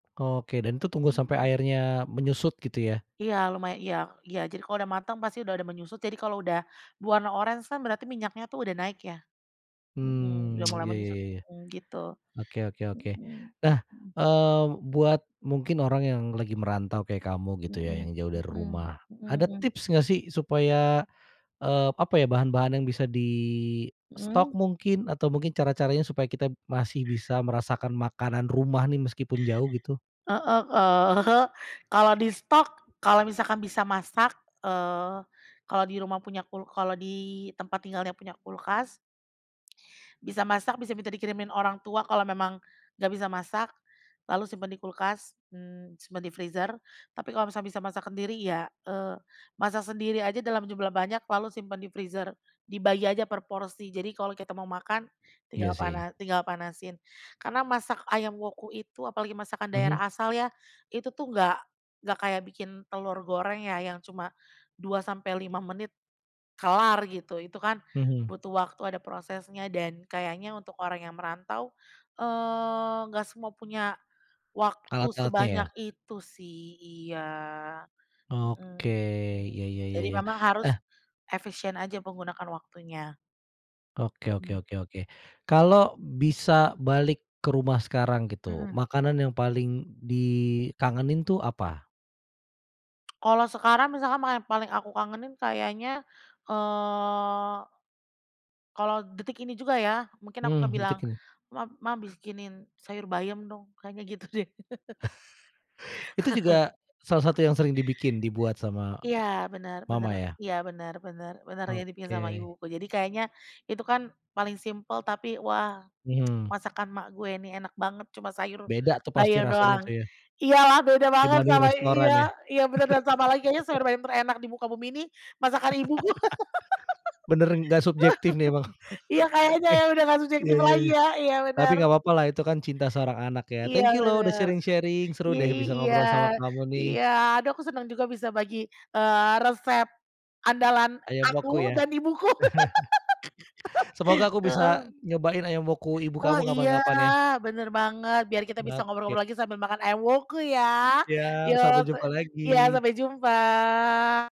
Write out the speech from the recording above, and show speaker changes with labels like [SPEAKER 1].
[SPEAKER 1] Oke, dan itu tunggu sampai
[SPEAKER 2] Mhm.
[SPEAKER 1] airnya menyusut, gitu ya?
[SPEAKER 2] Iya, lumaya iya iya. Jadi kalau udah mateng, pasti udah ada menyusut. Jadi kalau udah, berwarna oranye kan, berarti minyaknya tuh udah naik, ya. Mhm,
[SPEAKER 1] Mmm.
[SPEAKER 2] udah mulai
[SPEAKER 1] Iya iya
[SPEAKER 2] menyusut,
[SPEAKER 1] iya iya.
[SPEAKER 2] mhm, gitu,
[SPEAKER 1] Oke oke oke.
[SPEAKER 2] mhm
[SPEAKER 1] Nah,
[SPEAKER 2] mhm.
[SPEAKER 1] eee, buat mungkin orang yang lagi merantau kayak kamu, gitu ya.
[SPEAKER 2] Mhm
[SPEAKER 1] Yang jauh dari
[SPEAKER 2] mhm
[SPEAKER 1] rumah.
[SPEAKER 2] mhm
[SPEAKER 1] Ada
[SPEAKER 2] mhm.
[SPEAKER 1] tips nggak sih, supaya, eee, apa ya, bahan-bahan yang bisa distok,
[SPEAKER 2] Mhm.
[SPEAKER 1] mungkin. Atau mungkin cara-caranya supaya kita masih bisa merasakan makanan rumah, nih. Meskipun jauh, gitu?
[SPEAKER 2] Heeh, eee, kalau distok, kalau misalkan bisa masak, eee, kalau di rumah punya kul kalau di tempat tinggalnya punya kulkas bisa masak, bisa minta dikirimin orang tua, kalau memang nggak bisa masak, lalu simpen di kulkas, mmm, simpen di freezer. Tapi kalau misalnya bisa masak sendiri ya, eee, masak sendiri aja dalam jumlah banyak, lalu simpen di freezer. Dibagi aja per porsi, jadi kalau kita mau makan,
[SPEAKER 1] Iya,
[SPEAKER 2] tinggal
[SPEAKER 1] sih.
[SPEAKER 2] pana tinggal panasin. Karena masak ayam Woku itu, apalagi masakan
[SPEAKER 1] Mhm.
[SPEAKER 2] daerah asal ya. Itu tuh, nggak nggak kayak bikin telur goreng, ya. Yang cuma, 2 sampai 5 menit, kelar, gitu. Itu kan
[SPEAKER 1] Mhm.
[SPEAKER 2] butuh waktu, ada prosesnya, dan kayaknya untuk orang yang merantau, eee, nggak semua punya, waktu
[SPEAKER 1] Alat-alatnya, ya?
[SPEAKER 2] sebanyak itu, sih. Iya,
[SPEAKER 1] Oke.
[SPEAKER 2] mhm, hmm.
[SPEAKER 1] Iya iya iya
[SPEAKER 2] Jadi
[SPEAKER 1] iya.
[SPEAKER 2] memang harus,
[SPEAKER 1] Eh
[SPEAKER 2] efisien aja, menggunakan waktunya.
[SPEAKER 1] Oke oke
[SPEAKER 2] Mhm.
[SPEAKER 1] oke oke. Kalau bisa balik ke rumah sekarang, gitu.
[SPEAKER 2] Mhm.
[SPEAKER 1] Makanan yang paling dikangenin tuh, apa?
[SPEAKER 2] Kalau sekarang masakan ma paling aku kangenin kayaknya, eee, kalau detik ini juga ya, mungkin aku akan
[SPEAKER 1] Mmm,
[SPEAKER 2] bilang,
[SPEAKER 1] detik ini?
[SPEAKER 2] "Ma Mah bikinin sayur bayam dong" kayaknya gitu deh.
[SPEAKER 1] Itu juga, salah satu yang sering dibikin dibuat sama,
[SPEAKER 2] Iya, bener bener
[SPEAKER 1] mama ya?
[SPEAKER 2] iya, bener bener bener yang dibikin sama
[SPEAKER 1] Oke.
[SPEAKER 2] ibuku. Jadi kayaknya, itu kan paling simpel tapi, "Wah
[SPEAKER 1] Mhm.
[SPEAKER 2] masakan mak gue nih, enak banget, cuma sayur
[SPEAKER 1] Beda tuh, pasti
[SPEAKER 2] bayam
[SPEAKER 1] rasanya tuh
[SPEAKER 2] doang."
[SPEAKER 1] ya?
[SPEAKER 2] Iyalah beda banget
[SPEAKER 1] Dibanding
[SPEAKER 2] sama i iya
[SPEAKER 1] restoran, ya?
[SPEAKER 2] iya bener, dan tambah lagi kayaknya sayur bayam terenak di muka bumi ini, masakan ibu gue.
[SPEAKER 1] Bener nggak subjektif nih, emang.
[SPEAKER 2] Iya, kayaknya
[SPEAKER 1] Eh,
[SPEAKER 2] ya, udah nggak
[SPEAKER 1] Iya
[SPEAKER 2] subjektif
[SPEAKER 1] iya
[SPEAKER 2] lagi
[SPEAKER 1] iya.
[SPEAKER 2] ya iya,
[SPEAKER 1] Tapi
[SPEAKER 2] bener.
[SPEAKER 1] nggak papa lah, Itu kan cinta seorang anak, ya.
[SPEAKER 2] Iya,
[SPEAKER 1] Thank you loh, udah
[SPEAKER 2] bener.
[SPEAKER 1] sharing-sharing seru
[SPEAKER 2] I
[SPEAKER 1] deh,
[SPEAKER 2] i
[SPEAKER 1] bisa
[SPEAKER 2] iya
[SPEAKER 1] ngobrol sama kamu nih.
[SPEAKER 2] iya aduh aku senang juga bisa bagi, eee, resep, andalan
[SPEAKER 1] Ayam
[SPEAKER 2] aku
[SPEAKER 1] Woku, ya?
[SPEAKER 2] dan ibuku.
[SPEAKER 1] Semoga aku bisa
[SPEAKER 2] Heeh.
[SPEAKER 1] nyobain Ayam Woku ibu
[SPEAKER 2] Oh,
[SPEAKER 1] kamu
[SPEAKER 2] iya.
[SPEAKER 1] kapan-kapan, ya.
[SPEAKER 2] Bener banget. Biar kita bisa
[SPEAKER 1] Oke.
[SPEAKER 2] ngobrol-ngobrol lagi, sambil makan ayam Woku ya.
[SPEAKER 1] Siap.
[SPEAKER 2] Yo,
[SPEAKER 1] Sampai
[SPEAKER 2] pe
[SPEAKER 1] jumpa
[SPEAKER 2] iya,
[SPEAKER 1] lagi.
[SPEAKER 2] sampai jumpa.